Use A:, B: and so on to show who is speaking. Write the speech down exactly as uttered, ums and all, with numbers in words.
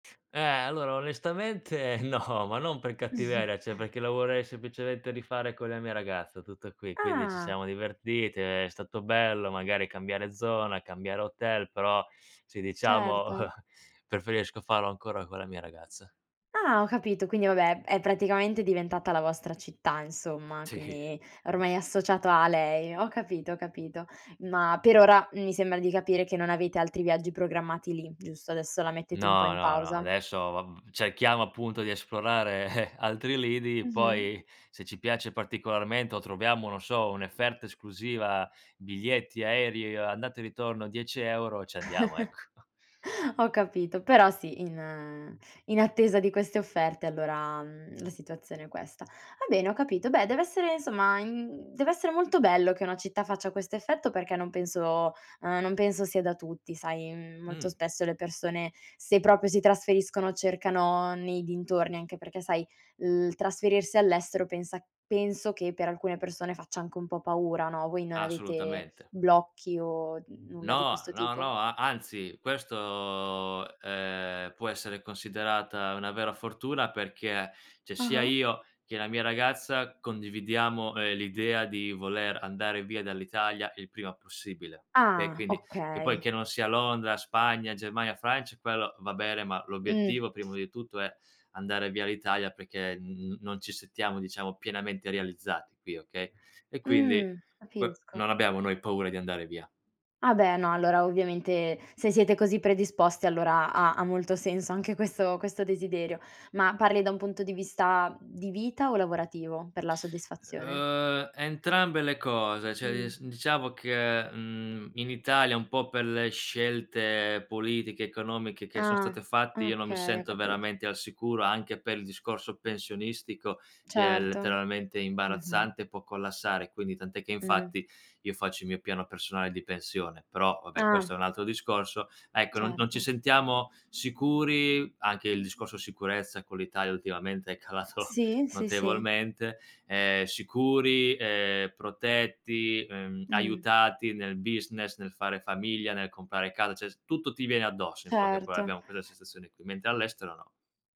A: Eh, allora onestamente no, ma non per cattiveria, ceh perché la vorrei semplicemente rifare con la mia ragazza tutto qui. Quindi ci
B: Ah.
A: siamo divertiti, è stato bello magari cambiare zona, cambiare hotel, però sì, diciamo
B: Certo.
A: preferisco farlo ancora con la mia ragazza.
B: Ah ho capito, quindi vabbè, è praticamente diventata la vostra città insomma,
A: Sì.
B: quindi ormai è associato a lei. Ho capito, ho capito. Ma per ora mi sembra di capire che non avete altri viaggi programmati lì, giusto, adesso la mettete un po'
A: No,
B: in
A: no, no,
B: pausa.
A: adesso, ehm, cerchiamo appunto di esplorare altri lidi,
B: Mh-mh.
A: poi se ci piace particolarmente o troviamo, non so, efferta esclusiva, biglietti aerei andata e ritorno dieci euro ci andiamo, ecco.
B: Ho capito, però sì, in in attesa di queste offerte allora, mhmm, la situazione è questa. Va bene, ho capito. Beh, dev'essere insomma, in mhmm, dev'essere molto bello che una città faccia questo effetto perché non penso uhm, non penso sia da tutti, sai, mhmm, molto
A: Mh.
B: spesso le persone se proprio si trasferiscono cercano nei dintorni, anche perché sai, il trasferirsi all'estero pensa penso che per alcune persone faccia anche un po' paura, no, voi non avete
A: Assolutamente.
B: blocchi o n nulla di
A: No,
B: questo
A: no,
B: tipo?
A: no, a anzi, questo, ehm, può essere considerata una vera fortuna perché, ceh,
B: Ah
A: sia
B: ah.
A: io che la mia ragazza condividiamo, ehm, l'idea di voler andare via dall'Italia il prima possibile. Okay,
B: Ah
A: quindi che poi
B: okay.
A: che non sia Londra, Spagna, Germania, Francia, quello va bene, ma
B: Mh.
A: l'obiettivo prima di tutto è andare via l'Italia perché n n non ci sentiamo diciamo pienamente realizzati qui, okay e quindi
B: Mhmm,
A: que
B: capisco.
A: non abbiamo noi paura di andare via.
B: Ah beh no, allora ovviamente se siete così predisposti allora ha ha molto senso anche questo questo desiderio. Ma parli da un punto di vista di vita o lavorativo, per la soddisfazione?
A: Uhm, entrambe le cose, cioè
B: Mh.
A: dis diciamo che, mhmm, in Italia un po' per le scelte politiche economiche che son state
B: Ah,
A: fatte io non mi
B: okay, ho
A: sento
B: capito.
A: veramente al sicuro anche per il discorso pensionistico che è
B: Certo,
A: letteralmente
B: mh-mh.
A: imbarazzante e può collassare. Quindi tant'è che
B: Mh.
A: infatti io faccio il mio piano personale di pensione, però vabbè
B: Ah.
A: questo è un altro discorso. Ecco non-non ci
B: Certo.
A: sentiamo sicuri, anche il discorso sicurezza con l'Italia ultimamente è calato
B: Sì, sì, sì.
A: notevolmente, ehm, sicuri, ehm, protetti, ehm,
B: Mh.
A: aiutati nel business nel fare famiglia, nel comprare casa, cioè s tutto ti viene addosso in poche paroe,
B: Certo.
A: abbiamo quessa sensazione qui, mentre all'estero no.